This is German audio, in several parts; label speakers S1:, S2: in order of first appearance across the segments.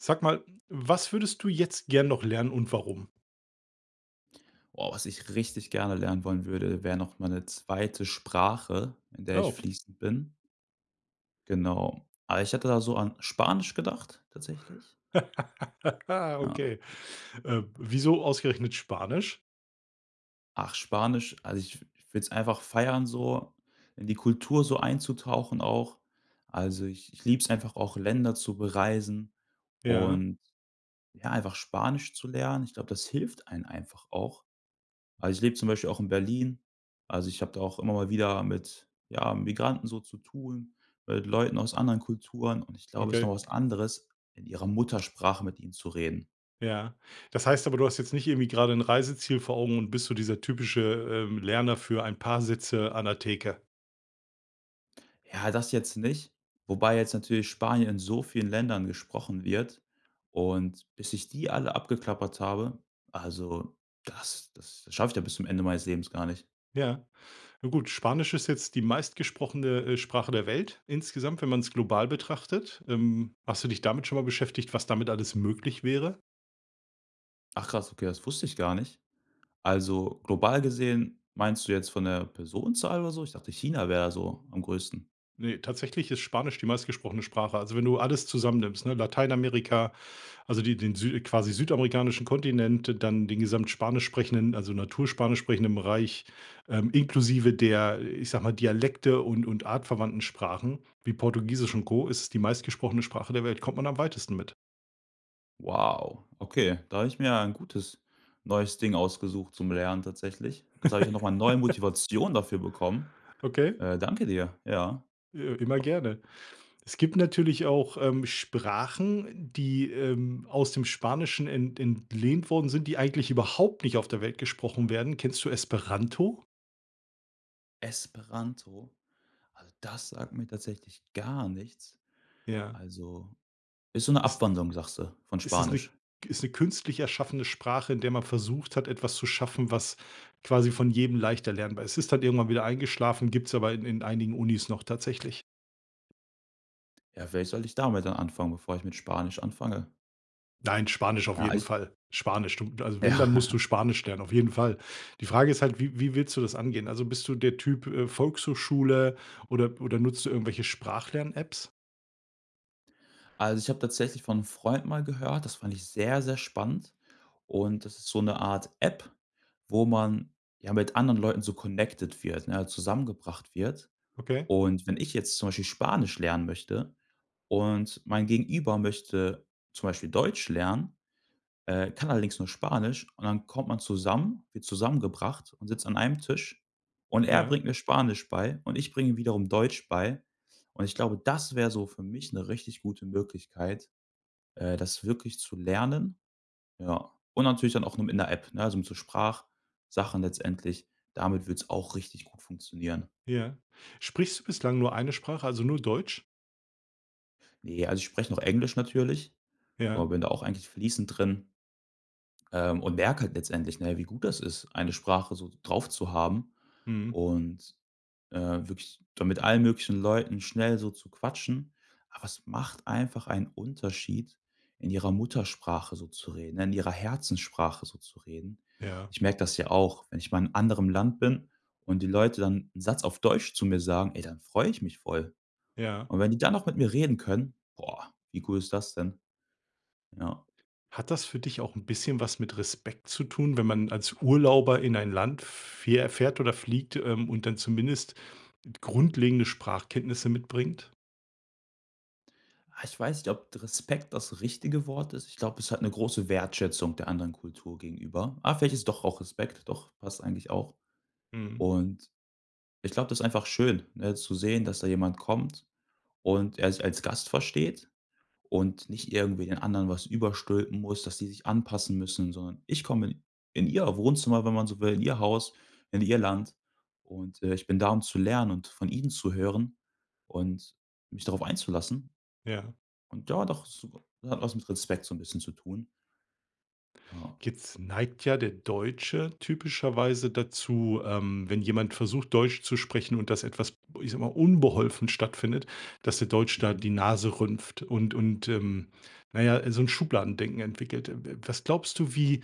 S1: Sag mal, was würdest du jetzt gern noch lernen und warum?
S2: Boah. Was ich richtig gerne lernen wollen würde, wäre noch mal 'ne 2. Sprache, in der ich
S1: Oh.
S2: fließend bin. Genau. Aber ich hatte da so an Spanisch gedacht tatsächlich. Ja.
S1: Okay. Ähm. Wieso ausgerechnet Spanisch?
S2: Ach Spanisch, also, ich würde es einfach feiern so, in die Kultur so einzutauchen auch. Also, ich ich liebe es einfach auch, Länder zu bereisen
S1: Ja.
S2: und, ja, einfach Spanisch zu lernen. Ich glaube, das hilft einen einfach auch. Also, ich lebe zum Beispiel auch in Berlin. Also, ich habe da auch immer mal wieder mit, ja, Migranten so zu tun, mit Leuten aus anderen Kulturen, und ich glaube, ist nochmal
S1: Okay.
S2: was anderes, in ihrer Muttersprache mit ihnen zu reden.
S1: Ja, das heißt aber, du hast jetzt nicht irgendwie gerade 'n Reiseziel vor Augen und bist so dieser typische, ähm, Lerner für ein paar Sätze an der Theke?
S2: Ja, das jetzt nicht. Wobei jetzt natürlich Spanien in so vielen Ländern gesprochen wird, und bis ich die alle abgeklappert habe, also, das das schaffe ich ja bis zum Ende meines Lebens gar nicht.
S1: Ja, na gut, Spanisch ist jetzt die meistgesprochene, äh, Sprache der Welt insgesamt, wenn man's global betrachtet. Ähm. Hast du dich damit schon mal beschäftigt, was damit alles möglich wäre?
S2: Ach krass, okay, das wusste ich gar nicht. Also global gesehen, meinst du jetzt von der Personenzahl oder so? Ich dachte, China wäre so am größten.
S1: Ne, tatsächlich ist Spanisch die meistgesprochene Sprache. Also, wenn du alles zusammennimmst, ne? Lateinamerika, also die den sü quasi südamerikanischen Kontinent, dann den gesamt Spanisch sprechenden, also natur Spanisch sprechenden Bereich, ähm, inklusive der, ich sage mal, Dialekte und und artverwandten Sprachen, wie Portugiesisch und Co, ist es die meist gesprochene Sprache der Welt kommt man am weitesten mit.
S2: Wow, okay, da habe ich mir ein gutes neues Ding ausgesucht zum Lernen tatsächlich. Jetzt habe ich ja noch mal neue Motivation dafür bekommen.
S1: Okay?
S2: Äh. Danke dir. Ja.
S1: Äh, g immer
S2: Doch.
S1: gerne. Es gibt natürlich auch ähm Sprachen, die, ähm, aus dem Spanischen ent entlehnt worden sind, die eigentlich überhaupt nicht auf der Welt gesprochen werden. Kennst du Esperanto?
S2: Esperanto, also das sagt mir tatsächlich gar nichts.
S1: Ja.
S2: Also, ist so 'ne
S1: Ist
S2: Abwandlung, sagst du, von
S1: Es ist 'ne
S2: Spanisch?
S1: ist 'ne künstlich erschaffende Sprache, in der man versucht hat, etwas zu schaffen, was quasi von jedem leicht erlernbar ist. Es ist halt irgendwann wieder eingeschlafen, gibt's aber in in einigen Unis noch tatsächlich.
S2: Ja, vielleicht sollte ich damit dann anfangen, bevor ich mit Spanisch anfange?
S1: Nein, Spanisch auf
S2: Ja,
S1: jeden
S2: ist
S1: Fall. Spanisch, du also wenn,
S2: Ja.
S1: dann musst du Spanisch lernen, auf jeden Fall. Die Frage ist halt, wie wie willst du das angehen? Also bist du der Typ, äh, Volkshochschule oder oder nutzt du irgendwelche Sprach-Lern-Apps?
S2: Also, ich habe tatsächlich von 'nem Freund mal gehört. Das fand ich sehr, sehr spannend. Und das ist so 'ne Art App, wo man, ja, mit anderen Leuten so connected wird, ne, zusammengebracht wird.
S1: Okay.
S2: Und wenn ich jetzt zum Beispiel Spanisch lernen möchte und mein Gegenüber möchte zum Beispiel Deutsch lernen, äh, kann allerdings nur Spanisch und dann kommt man zusammen, wird zusammengebracht und sitzt an einem Tisch und er
S1: Ja.
S2: bringt mir Spanisch bei und ich bringe ihm wiederum Deutsch bei. Und ich glaube, das wär so für mich 'ne richtig gute Möglichkeit, äh, das wirklich zu lernen, ja. Und natürlich dann auch noch mit 'ner App, ne? Also, mit so Sprachsachen letztendlich. Damit wird's auch richtig gut funktionieren.
S1: Ja. Sprichst du bislang nur 1 Sprache, also nur Deutsch?
S2: Ne, also ich spreche noch Englisch natürlich. Aber
S1: Ja.
S2: bin da auch eigentlich fließend drin. Ähm, und merke halt letztendlich, ne, wie gut das ist, eine Sprache so drauf zu haben
S1: Mhm.
S2: und, äh, wirklich dann mit allen möglichen Leuten schnell so zu quatschen. Aber es macht einfach einen Unterschied, in ihrer Muttersprache so zu reden, in ihrer Herzenssprache so zu reden.
S1: Ja.
S2: Ich merke das ja auch, wenn ich mal in anderem Land bin und die Leute dann 'n Satz auf Deutsch zu mir sagen, ey, dann freue ich mich voll.
S1: Ja.
S2: Und wenn die dann auch mit mir reden können, boah, wie cool ist das denn? Ja.
S1: Hat das für dich auch 'n bisschen was mit Respekt zu tun, wenn man als Urlauber in ein Land fähr fährt oder fliegt, ähm, und dann zumindest grundlegende Sprachkenntnisse mitbringt?
S2: Ah, ich weiß nicht, ob Respekt das richtige Wort ist. Ich glaube, ist halt 'ne große Wertschätzung der anderen Kultur gegenüber. Ah, vielleicht ist doch auch Respekt. Doch passt eigentlich auch.
S1: Mhm.
S2: Und, ich glaube, das ist einfach schön, ne, zu sehen, dass da jemand kommt und er sich als Gast versteht und nicht irgendwie den anderen was überstülpen muss, dass sie sich anpassen müssen, sondern ich komme in ihr Wohnzimmer, wenn man so will, in ihr Haus, in ihr Land und, äh, ich bin da, um zu lernen und von ihnen zu hören und mich darauf einzulassen.
S1: Ja.
S2: Und ja, doch, das hat was mit Respekt so 'n bisschen zu tun. Ja.
S1: Jetzt neigt ja der Deutsche typischerweise dazu, ähm, wenn jemand versucht, Deutsch zu sprechen und das etwas, ich sage mal, unbeholfen stattfindet, dass der Deutsch da
S2: Mhm.
S1: die Nase rümpft und und, ähm, na ja, so 'n Schubladendenken entwickelt. Äh, w w was glaubst du, wie,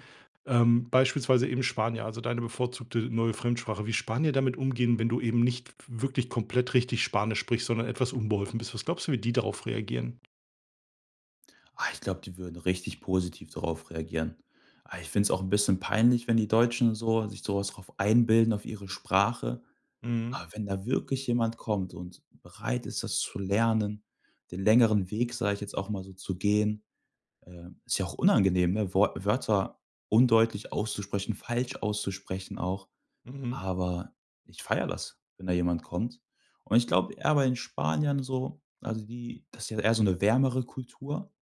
S1: ähm, beispielsweise eben Spanier, also deine bevorzugte neue Fremdsprache, wie Spanier damit umgehen, wenn du eben nicht w wirklich komplett richtig Spanisch sprichst, sondern etwas unbeholfen bist? Was glaubst du, wie die darauf reagieren?
S2: Ach, ich glaube, die würden richtig positiv darauf reagieren. Ah, ich find's auch 'n bisschen peinlich, wenn die Deutschen so sich so was drauf einbilden auf ihre Sprache.
S1: Mhm.
S2: Aber wenn da wirklich jemand kommt und bereit ist, das zu lernen, den längeren Weg, sage ich jetzt auch mal so, zu gehen, ähm, ist ja auch unangenehm, ne? Wort Wörter undeutlich auszusprechen, falsch auszusprechen auch.
S1: Mhm.
S2: Aber ich feiere das, wenn da jemand kommt. Und ich glaube, e aber in Spanien so, also die das ist ja eher so 'ne wärmere Kultur,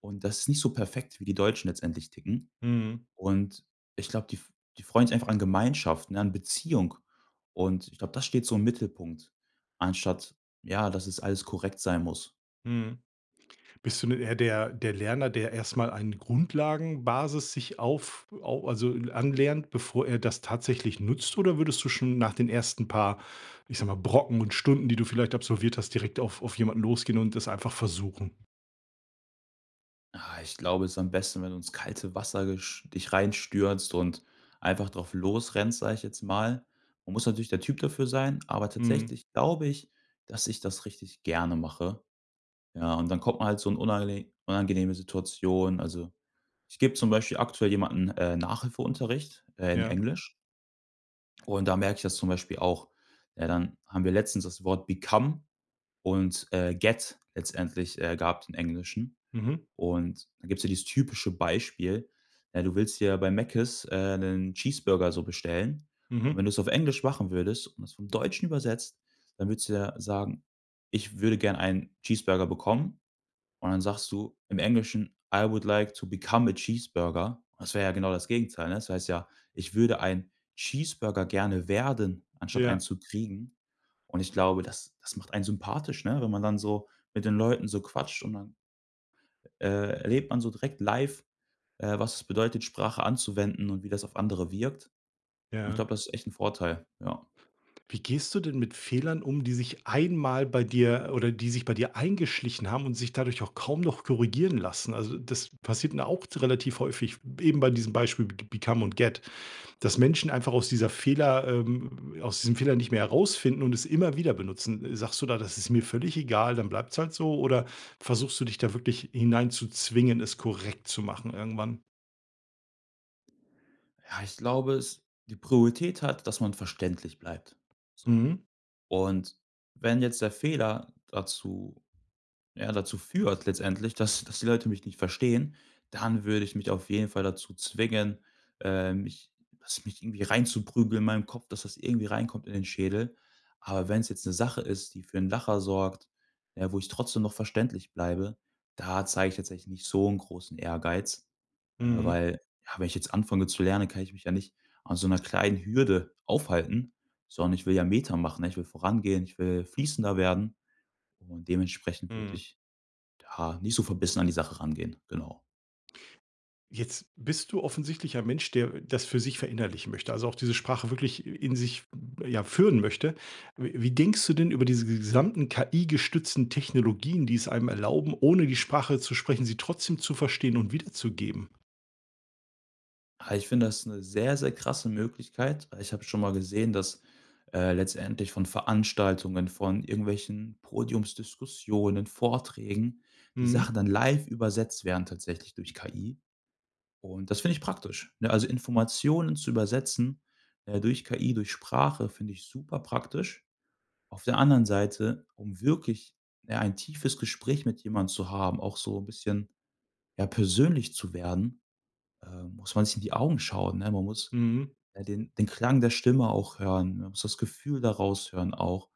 S2: und das es nicht so perfekt wie die Deutschen letztendlich ticken.
S1: Mhm.
S2: Und ich glaube, die f die freuen sich einfach an Gemeinschaft, ne? An Beziehung und ich glaube, das steht so im Mittelpunkt, anstatt, ja, dass es alles korrekt sein muss.
S1: Mhm. Bist du 'n eher der der Lerner, der erst mal eine Grundlagenbasis sich auf au also, äh, anlernt, bevor er das tatsächlich nutzt? Oder würdest du schon nach den ersten paar, ich sage mal, Brocken und Stunden, die du vielleicht absolviert hast, direkt auf auf jemanden losgehen und das einfach versuchen?
S2: Ah, ich glaube, es ist am besten, wenn du ins kalte Wasser gesch dich reinstürzt und einfach drauf losrennst, sage ich jetzt mal. Man muss natürlich der Typ dafür sein, aber
S1: Mhm.
S2: tatsächlich glaube ich, dass ich das richtig gerne mache. Ja, und dann kommt man halt so in unangene unangenehme Situationen. Also, ich gebe zum Beispiel aktuell jemanden, äh, Nachhilfeunterricht, äh, in
S1: Ja.
S2: Englisch und da merke ich das zum Beispiel auch, ne, dann haben wir letztens das Wort become und, äh, get letztendlich, äh, gab's im Englischen.
S1: Mhm.
S2: Und da gibt's ja dieses typische Beispiel, ja, du willst ja dir bei Mäckes, äh, 'nen Cheeseburger so bestellen, und
S1: Mhm.
S2: wenn du es auf Englisch machen würdest und das vom Deutschen übersetzt, dann würdest du ja sagen: „Ich würde gern einen Cheeseburger bekommen.“ Und dann sagst du im Englischen: „I would like to become a cheeseburger.“ Das wär ja genau das Gegenteil, ne? Das heißt ja: „Ich würde ein Cheeseburger gerne werden“, anstatt einen
S1: Ja.
S2: zu kriegen. Und ich glaube, das das macht einen sympathisch, ne, wenn man dann so mit den Leuten so quatscht und dann, äh, erlebt man so direkt live, äh, was es bedeutet, Sprache anzuwenden und wie das auf andere wirkt. Und ich
S1: Ja.
S2: glaube, das ist echt 'n Vorteil, ja.
S1: Wie gehst du denn mit Fehlern um, die sich einmal bei dir oder die sich bei dir eingeschlichen haben und sich dadurch auch kaum noch korrigieren lassen? Also, das passiert mir auch relativ häufig, eben bei diesem Beispiel beg become und get, dass Menschen einfach aus dieser Fehler, ähm aus diesem Fehler nicht mehr herausfinden und es immer wieder benutzen. Sagst du da: „Das ist mir völlig egal, dann bleibt's halt so“? Oder versuchst du dich da wirklich hineinzuzwingen, es korrekt zu machen irgendwann?
S2: Ja, ich glaube, es die Priorität hat, dass man verständlich bleibt, so.
S1: Mhm.
S2: Und, wenn jetzt der Fehler dazu, ja, dazu führt letztendlich, dass dass die Leute mich nicht verstehen, dann würde ich mich auf jeden Fall dazu zwingen, ähm, mich das mich irgendwie reinzuprügeln in meinem Kopf, dass das irgendwie reinkommt in den Schädel. Aber wenn's jetzt 'ne Sache ist, die für 'n Lacher sorgt, ja, wo ich trotzdem noch verständlich bleibe, da zeige ich jetzt eigentlich nicht so 'n großen Ehrgeiz, äh,
S1: Mhm.
S2: weil ja, wenn ich jetzt anfange zu lernen, kann ich mich ja nicht an so 'ner kleinen Hürde aufhalten, sondern ich will ja Meter machen, ne, ich will vorangehen, ich will fließender werden und dementsprechend würde
S1: Mhm.
S2: ich, ja, nicht so verbissen an die Sache rangehen, genau.
S1: Jetzt bist du offensichtlich ein Mensch, der das für sich verinnerlichen möchte, also auch diese Sprache wirklich in sich, ja, führen möchte. W wie denkst du denn über diese g gesamten KI-gestützten Technologien, die es einem erlauben, ohne die Sprache zu sprechen, sie trotzdem zu verstehen und wiederzugeben?
S2: Ah, ich finde das 'ne sehr, sehr krasse Möglichkeit. Äh, ich habe schon mal gesehen, dass, äh, letztendlich von Veranstaltungen, von irgendwelchen Podiumsdiskussionen, Vorträgen, die
S1: Mhm.
S2: Sachen dann live übersetzt werden tatsächlich durch KI. Und das finde ich praktisch, ne? Also Informationen zu übersetzen, äh, durch KI, durch Sprache finde ich super praktisch. Auf der anderen Seite, um wirklich, ne, ein tiefes Gespräch mit jemand zu haben, auch so 'n bisschen, ja, persönlich zu werden, ähm, muss man sich in die Augen schauen, ne? Man muss,
S1: Mhm.
S2: äh, den den Klang der Stimme auch hören, ne? Man muss das Gefühl daraus hören auch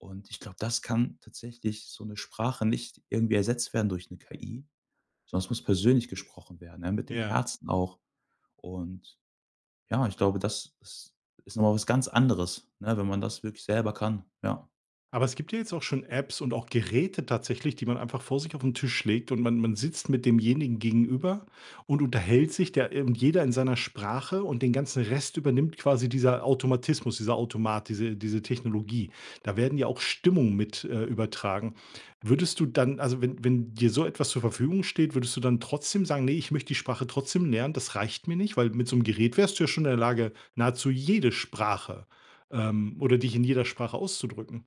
S2: und ich glaube, das kann tatsächlich so 'ne Sprache nicht irgendwie ersetzt werden durch 'ne KI, sondern es muss persönlich gesprochen werden, ne, mit dem
S1: Ja.
S2: Herzen auch. Und, ja, ich glaube, das ist ist noch mal was ganz anderes, ne, wenn man das wirklich selber kann, ja.
S1: Aber es gibt ja jetzt auch schon Apps und auch Geräte tatsächlich, die man einfach vor sich auf 'n Tisch legt und man man sitzt mit demjenigen gegenüber und unterhält sich da ir und jeder in seiner Sprache. Und den ganzen Rest übernimmt quasi dieser Automatismus, dieser Automat, diese diese Technologie. Da werden ja auch Stimmungen mit, äh, übertragen. Würdest du dann also wenn wenn dir so etwas zur Verfügung steht, würdest du dann trotzdem sagen: „Ne, ich möchte die Sprache trotzdem lernen, das reicht mir nicht“? Weil mit so 'm Gerät wärst du ja schon in der Lage, nahezu jede Sprache ähm, oder dich in jeder Sprache auszudrücken?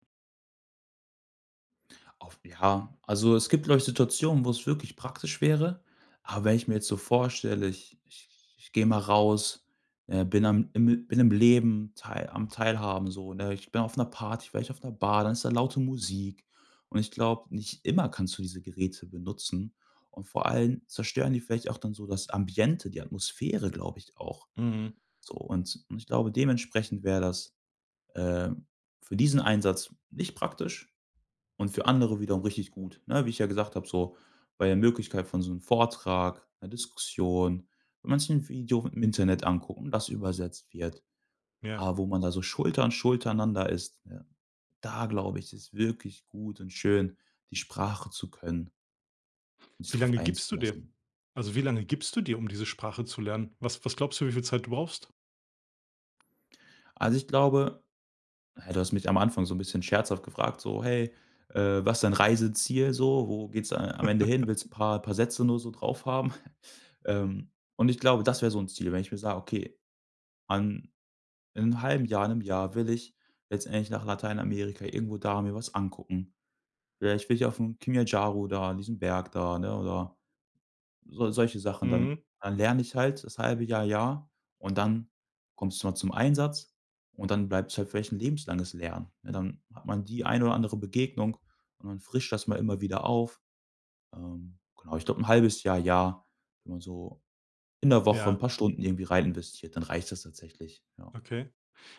S2: Auf Ja, also, es gibt vielleicht Situationen, wo es wirklich praktisch wäre, aber wenn ich mir jetzt so vorstelle, ich ich ich gehe mal raus, äh, bin am im bin im Leben teil am Teilhaben so, ne? Ich bin auf 'ner Party, vielleicht auf 'ner Bar, dann ist da laute Musik und ich glaube, nicht immer kannst du diese Geräte benutzen und vor allem zerstören die vielleicht auch dann so das Ambiente, die Atmosphäre, glaube ich auch.
S1: Mhm.
S2: So und ich ich glaube, dementsprechend wäre das, äh, für diesen Einsatz nicht praktisch und für andere wiederum richtig gut, ne? Wie ich ja gesagt hab so, bei der Möglichkeit von so 'nem Vortrag, 'ner Diskussion, wenn man sich 'n Video im Internet anguckt und das übersetzt wird.
S1: Ja.
S2: Aber, wo man da so Schulter an Schulter einander ist, ja, da glaube ich, ist es wirklich gut und schön, die Sprache zu können sich
S1: Wie
S2: darauf
S1: lange gibst du dir?
S2: einzulassen.
S1: Also, wie lange gibst du dir, um diese Sprache zu lernen? Was was glaubst du, wie viel Zeit du brauchst?
S2: Also ich glaube du hast mich am Anfang so 'n bisschen scherzhaft gefragt, so: „Hey, äh, was ist dein Reiseziel so? Wo geht's da a am Ende hin? Willst 'n paar paar Sätze nur so drauf haben?“ Ähm, und ich glaube, das wär so 'n Ziel, wenn ich mir sage: „Okay, an in 'nem halben Jahr, in 'nem Jahr will ich letztendlich nach Lateinamerika irgendwo da mir was angucken. Ja, ich will hier auf 'm Kilimanjaro da an diesem Berg da“, ne? Oder so solche Sachen dann. Dann
S1: Mhm.
S2: dann lerne ich halt das halbe Jahr, Jahr und dann kommst du mal zum Einsatz und dann bleibt's halt vielleicht 'n lebenslanges Lernen, ne? Dann hat man die eine oder andere Begegnung, und man frischt das mal immer wieder auf. Ähm, genau, ich glaube 'n halbes Jahr, Jahr, wenn man so in der Woche 'n
S1: Ja.
S2: paar Stunden irgendwie rein investiert, dann reicht das tatsächlich, ja.
S1: Okay.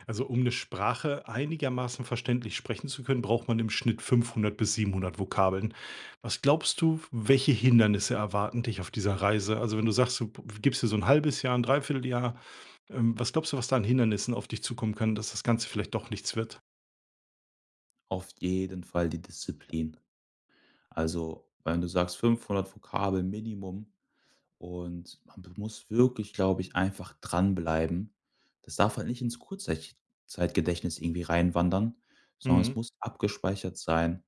S1: Also um 'ne Sprache einigermaßen verständlich sprechen zu können, braucht man im Schnitt 500 bis 700 Vokabeln. Was glaubst du, w welche Hindernisse erwarten dich auf dieser Reise? Also, wenn du sagst, du p gibst dir so 'n halbes Jahr, 'n Dreivierteljahr, ähm, was glaubst du, was da an Hindernissen auf dich zukommen können, dass das Ganze vielleicht doch nichts wird?
S2: Auf jeden Fall die Disziplin. Also wenn du sagst, 500 Vokabel Minimum und man be muss wirklich, glaube ich, einfach dranbleiben. Das darf halt nicht ins Kurzzeich Zeitgedächtnis irgendwie reinwandern, sondern es
S1: Mhm.
S2: muss abgespeichert sein.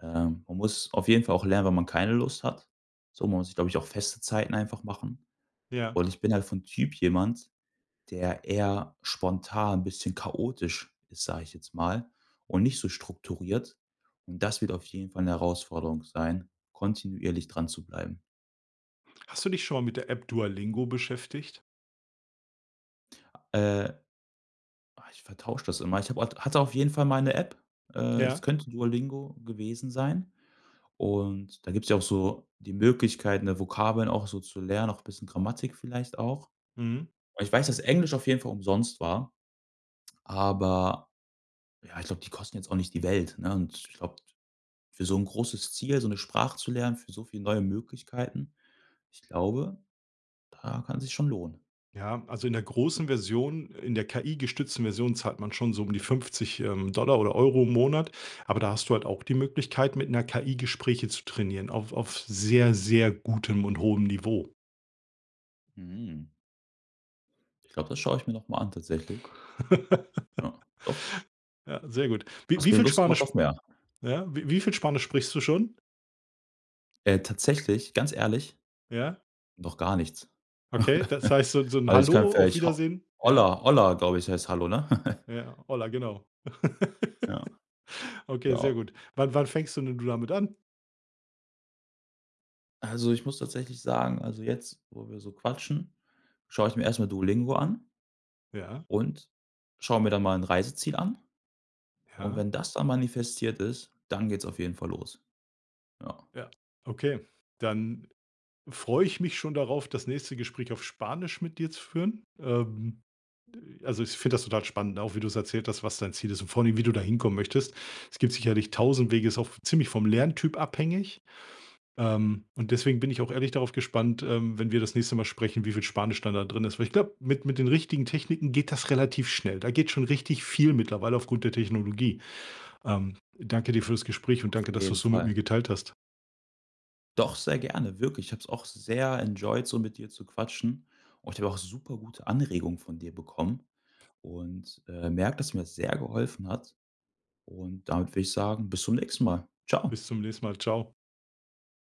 S2: Ähm, man muss auf jeden Fall auch lernen, wenn man keine Lust hat. So, man muss sich, glaube ich, auch feste Zeiten einfach machen.
S1: Ja.
S2: Und ich bin halt vom Typ jemand, der eher spontan 'n bisschen chaotisch ist, sage ich jetzt mal und nicht so strukturiert. Und das wird auf jeden Fall 'ne Herausforderung sein, kontinuierlich dranzubleiben.
S1: Hast du dich schon mal mit der App Duolingo beschäftigt?
S2: Äh. Ah, ich vertausche das immer. Ich habe au hatte auf jeden Fall mal 'ne App. Äh, es
S1: Ja?
S2: könnte Duolingo gewesen sein. Und da gibt's ja auch so die Möglichkeit, ne, Vokabeln auch so zu lernen, auch bisschen Grammatik vielleicht auch.
S1: Mhm.
S2: Aber ich weiß, dass Englisch auf jeden Fall umsonst war. Aber ja, ich glaube, die kosten jetzt auch nicht die Welt, ne? Und ich glaube, für so 'n großes Ziel, so 'ne Sprache zu lernen, für so viel neue Möglichkeiten, ich glaube, da kann sich's schon lohnen.
S1: Ja, also in der großen Version, in der KI-gestützten Version zahlt man schon so um die 50, ähm, Dollar oder Euro im Monat, aber da hast du halt auch die Möglichkeit, mit 'ner KI Gespräche zu trainieren auf auf sehr, sehr gutem und hohem Niveau.
S2: Mm. Ich glaube, das schau ich mir noch mal an tatsächlich. Ja, doch.
S1: Ja, sehr gut. Wie
S2: Hast
S1: wie
S2: mir
S1: viel
S2: Lust gemacht
S1: Spanisch
S2: auf
S1: sp
S2: mehr.
S1: ja, wie wie viel Spanisch sprichst du schon?
S2: Äh. Tatsächlich, ganz ehrlich?
S1: Ja?
S2: Noch gar nichts.
S1: Okay, das heißt, so so 'n
S2: Weil ich kann
S1: Hallo, auf
S2: vielleicht ho
S1: Wiedersehen, ja?
S2: hola hola, glaube ich, heißt Hallo, ne?
S1: Ja, hola, genau.
S2: Ja.
S1: Okay, sehr
S2: Ja.
S1: gut. Wann wann fängst du denn du damit an?
S2: Also ich muss tatsächlich sagen, also jetzt, wo wir so quatschen, schaue ich mir erst mal Duolingo an
S1: Ja.
S2: und schaue mir da mal 'n Reiseziel an. Und
S1: Ja.
S2: wenn das dann manifestiert ist, dann geht's auf jeden Fall los. Ja.
S1: Ja? Ja, okay, dann freue ich mich schon darauf, das nächste Gespräch auf Spanisch mit dir zu führen. Ähm, also ich finde das total spannend, ne? Auch wie du's erzählt hast, was dein Ziel ist und vor allen Dingen, wie du da hinkommen möchtest. Es gibt sicherlich 1.000 Wege, ist auch ziemlich vom Lerntyp abhängig, ähm, und deswegen bin ich auch ehrlich darauf gespannt, ähm, wenn wir das nächste Mal sprechen, wie viel Spanisch da dann drin ist. Weil ich glaube, mit mit den richtigen Techniken geht das relativ schnell. Da geht schon richtig viel mittlerweile aufgrund der Technologie. Ähm, danke dir für das Gespräch und danke,
S2: Auf
S1: dass
S2: jeden
S1: du's so mit mir
S2: Fall.
S1: geteilt hast.
S2: Doch, sehr gerne. Wirklich. Ich hab's auch sehr enjoyed, so mit dir zu quatschen. Und ich habe auch super gute Anregungen von dir bekommen. Und, äh, merke, dass mir das sehr geholfen hat. Und damit würde ich sagen, bis zum nächsten Mal. Ciao.
S1: Bis zum nächsten Mal. Ciao.